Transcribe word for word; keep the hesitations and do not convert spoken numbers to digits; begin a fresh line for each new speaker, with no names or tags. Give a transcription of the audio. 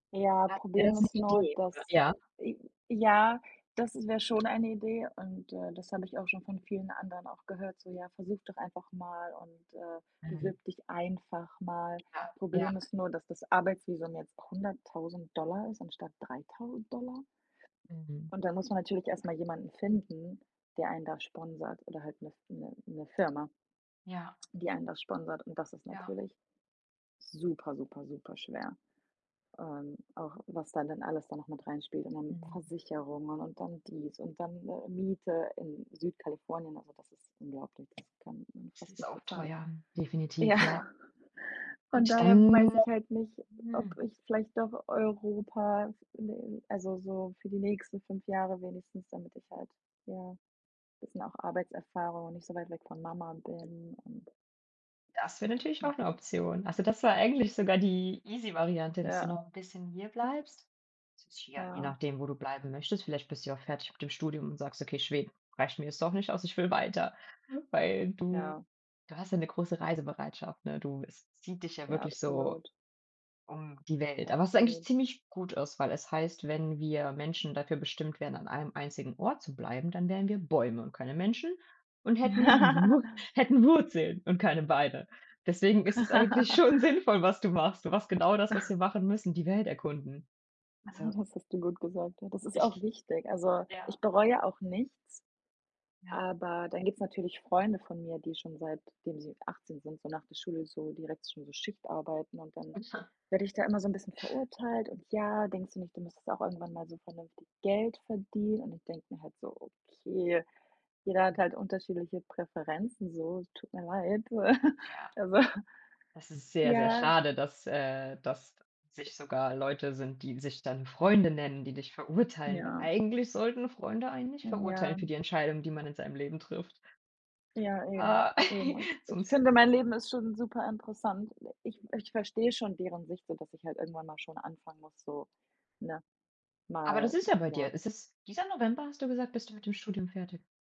Ja,
Ach, wäre
Problem
das 'ne
ist nur,
Idee? Oder
dass
ja?
äh, ja, das wäre schon eine Idee und, äh, das habe ich auch schon von vielen anderen auch gehört, so: „Ja, versuch doch einfach mal und, äh,
Mhm.
bewirb dich einfach mal.“
Ja. Ja.
Problem ist nur, dass das Arbeitsvisum jetzt hunderttausend Dollar ist anstatt dreitausend Dollar.
Mhm.
Und dann muss man natürlich erst mal jemanden finden, der einen da sponsort oder halt 'ne f 'ne 'ne Firma
Ja.
die einen das sponsort. Und das ist
Ja.
natürlich super, super, super schwer. Ähm, auch was da dann alles da noch mit reinspielt und dann
Mhm.
Versicherungen und dann dies und dann, äh, Miete in Südkalifornien. Also, das ist unglaublich, das kann man
Das
fast
ist
nicht
auch
bezahlen.
teuer,
Ja,
definitiv, ja.
von
Und
daher
dann
weiß ich halt nicht,
Hm.
ob ich vielleicht doch Europa [unintelligible] also, so für die nächsten fünf Jahre wenigstens, damit ich halt ja, bisschen auch Arbeitserfahrung und nicht so weit weg von Mama bin und
Das wäre natürlich auch 'ne
Mhm.
Option. Also, das war eigentlich sogar die easy Variante, dass du
Ja.
noch 'n bisschen hier bleibst. tja, je
Ja.
nachdem, wo du bleiben möchtest. Vielleicht bist du ja auch fertig mit dem Studium und sagst: „Okay, Schweden reicht mir jetzt doch nicht aus. Ich will weiter.“ Weil, du
Ja.
du hast ja 'ne große Reisebereitschaft, ne? Du es zieht dich ja
Ja,
wirklich so
absolut.
um die Welt. Aber es ist eigentlich
Absolut.
ziemlich gut aus, weil es heißt, wenn wir Menschen dafür bestimmt wären, an einem einzigen Ort zu bleiben, dann wären wir Bäume und keine Menschen und hätten Wur hätten Wurzeln und keine Beine. Deswegen ist es eigentlich schon sinnvoll, was du machst. Du machst genau das, was wir machen müssen, die Welt erkunden.
Ja,
Also
das hast du gut gesagt. Und das ist auch
Ich
wichtig. Also,
ja.
ich bereue auch nichts
Ja.
aber dann gibt es natürlich Freunde von mir, die schon seitdem sie achtzehn sind, so nach der Schule so direkt schon so Schichtarbeiten und dann
[unintelligible]
werde ich da immer so 'n bisschen verurteilt und: „Ja, denkst du nicht, du müsstest auch irgendwann mal so vernünftig Geld verdienen?“ Und ich denke mir halt so: „Okay, jeder hat halt unterschiedliche Präferenzen so, tut mir leid.“
Ja,
Also
das ist sehr, sehr
ja.
schade, dass, äh dass sich sogar Leute sind, die sich dann Freunde nennen, die dich verurteilen, weil
Ja.
eigentlich sollten Freunde einen nicht verurteilen
Ja.
für die Entscheidungen, die man in seinem Leben trifft.
Ja, eben,
Ah,
eben. Ich
sonst
finde, mein Leben ist schon super interessant. Ich ich verstehe schon deren Sicht, so dass ich halt irgendwann mal schon anfangen muss, so, ne,
Aber
mal
das ist ja bei
ja.
dir. Ist es dieser November, hast du gesagt, bist du mit dem Studium fertig?